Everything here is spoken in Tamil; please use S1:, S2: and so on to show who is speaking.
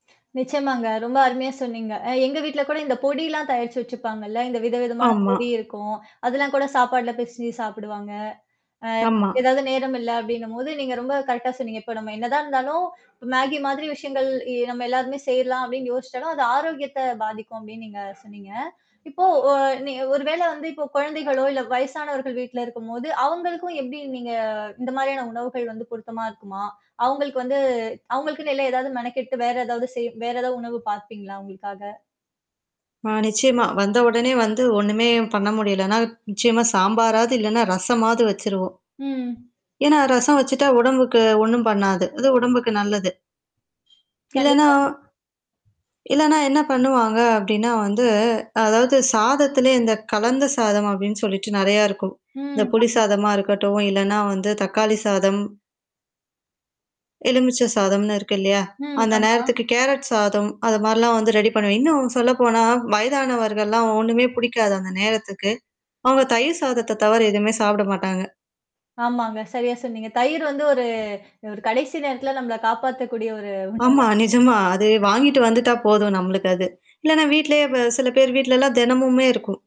S1: நிச்சயமாங்க. ரொம்ப அருமையா சொன்னீங்க. அ எங்க வீட்ல கூட இந்த பொடிலாம் தயாரிச்சு வச்சுருப்பாங்கள்ல. இந்த விதவிதமான
S2: ஆமா.
S1: பொடி இருக்கும், அதெல்லாம் கூட சாப்பாடல பிசஞ்சு சாப்பிடுவாங்க. அ
S2: ஆமா.
S1: ஏதாவது நேரம் இல்ல அப்ப்டின்னும்போது, நீங்க ரொம்ப கரெக்டா சொன்னீங்க. இப்ப நம்ம என்னதான் இருந்தாலும், இ Maggie மாதிரி விஷயங்கள் எ நம்ம எல்லாருமே செய்யலாம் அப்படின்னு யோசிச்சாலும், அது ஆரோக்கியத்த பாதிக்கும் அப்படின்னு நீங்க சொன்னீங்க. இப்போ அ நீ ஒரு வேள வந்து இப்போ குழந்தைகளோ இல்ல வயசானவர்கள் வீட்ல இருக்கும்போது, அவங்களுக்கும் எப்படி நீங்க இந்த மாரியான உணவுகள் வந்து பொருத்தமா இருக்குமா? அவங்களுக்கு வந்து அவங்களுக்குனு இல்ல ஏதாவது மெனக்கெட்டு வேற ஏதாவது செய் வேற ஏதாவது உணவு பாபீங்களா உங்களுக்காக?
S2: ஆ நிச்சயமா. வந்த உடனே வந்து ஒண்ணுமே பண்ண முடியலனா, நிச்சயமா சாம்பாராவது இல்லன்னா ரசமாவது வச்சுருவோம்.
S1: ம்.
S2: ஏன்னா ரசம் வச்சுட்டா உடம்புக்கு ஒண்ணும் பண்ணாது. அது உடம்புக்கு நல்லது. இல்லன்னா
S1: கண்டிப்பா.
S2: இல்லனா என்ன பண்ணுவாங்க அப்ப்டின்னா வந்து, அதாவது சாதத்திலேயே இந்த கலந்த சாதம் அப்ப்டின்னு சொல்லிட்டு நெறைய இருக்கும். இந்த
S1: ம்.
S2: புளி
S1: ஆமாமா.
S2: சாதமா இருக்கட்டும், இல்லன்னா வந்து தக்காளி சாதம் எலுமிச்ச சாதம்னு இருக்கு இல்லையா?
S1: ம்.
S2: அந்த
S1: ஆமா.
S2: நேரத்துக்கு கேரட் சாதம், அது மாரிலாம் வந்து ரெடி பண்ணுவேன். இன்னும் சொல்ல போனா, வயதானவர்கள்லாம் ஒண்ணுமே பிடிக்காது அந்த நேரத்துக்கு, அவங்க தயிர் சாதத்த தவற எதுவுமே சாப்பிட மாட்டாங்க.
S1: ஆமாங்க, சரியா சொன்னீங்க. தயிர் வந்து ஒரு ஒரு கடைசி நேரத்தில நம்மள காப்பாத்தக்கூடிய ஒரு
S2: ஆமா,
S1: உணவுதான்.
S2: நிஜமா அது வாங்கிட்டு வந்துட்டா போதும் நம்மளுக்கு அது. இல்லனா வீட்லேயே சில பேர் வீட்லலாம் தினமுமே இருக்கும்.